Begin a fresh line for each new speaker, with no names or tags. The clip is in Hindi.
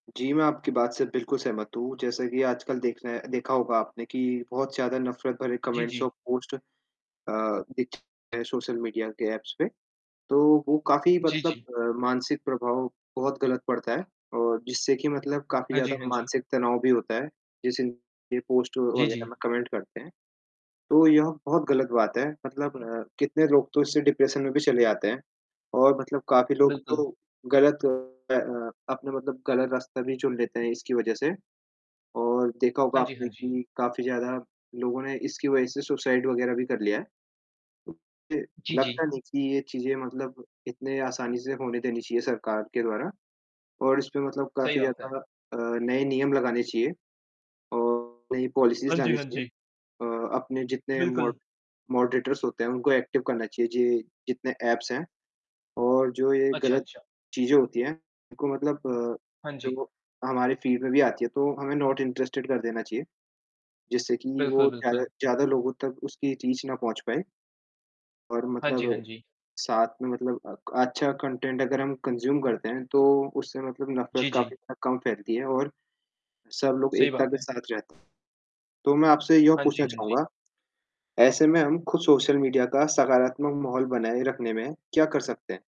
जी, मैं आपकी बात से बिल्कुल सहमत हूँ, जैसा कि आजकल देखना देखा होगा आपने कि बहुत ज़्यादा नफ़रत भरे
जी,
कमेंट्स
जी।
और पोस्ट अ, दिखते हैं सोशल मीडिया के ऐप्स पे। तो वो काफ़ी
जी,
मतलब
जी।
अ, मानसिक प्रभाव बहुत ग़लत पड़ता है और जिससे कि मतलब काफ़ी
हाँ जी,
ज़्यादा
हाँ जी।
मानसिक तनाव भी होता है, जैसे पोस्ट
जी,
वग़ैरह
जी।
में कमेंट करते हैं, तो यह बहुत ग़लत बात है, मतलब कितने लोग तो इससे डिप्रेशन में भी चले जाते हैं और मतलब काफ़ी लोग
बिल्कुल।
तो ग़लत अ, अपना मतलब ग़लत रास्ता भी चुन लेते हैं इसकी वजह से और देखा होगा
हाँ जी,
आपने
हाँ जी।
कि काफ़ी ज़्यादा लोगों ने इसकी वजह से सुसाइड वग़ैरह भी कर लिया है। तो मुझे
जी, जी।
लगता नहीं कि ये चीज़ें मतलब इतनें आसानी से होने देनी चाहिए सरकार के द्वारा और इस पे मतलब
सही
काफ़ी
बात है।
ज़्यादा अ, नए नियम लगाने चाहिए और नई
हाँ
पॉलिसीज़
जी,
लानी
हाँ
चाहिए।
जी।
अ, अपने जितने
बिल्कुल।
मॉड मॉडरेटर्स होते हैं उनको एक्टिव करना चाहिए। जि जितने ऐप्स हैं और जो ये
अच्छा,
ग़लत
अच्छा।
चीज़ें होती हैं, उनको मतलब
हाँ जी।
जो हमारे फीड में भी आती हैं तो हमें नॉट इंटरेस्टेड कर देना चाहिए, जिससे कि
बिल्कुल,
वो
बिल्कुल।
ज़्यादा ज़्यादा लोगों तक उसकी रीच ना पहुँच पाए। और
हाँ जी, हाँ
मतलब
जी।
साथ में मतलब क अच्छा कंटेंट अगर हम कंज्यूम करते हैं, तो उससे मतलब नफ़रत
जी,
काफ़ी
जी।
ज़्यादा कम फ़ैलती है और सब लोग
सही
एकता
बात
के
है।
साथ रहते हैं। तो मैं आपसे यह
हाँ जी,
पूछना
हाँ जी।
चाहूँगा ऐसे में हम ख़ुद सोशल मीडिया का सकारात्मक माहौल बनाए रखने में क्या कर सकते हैं?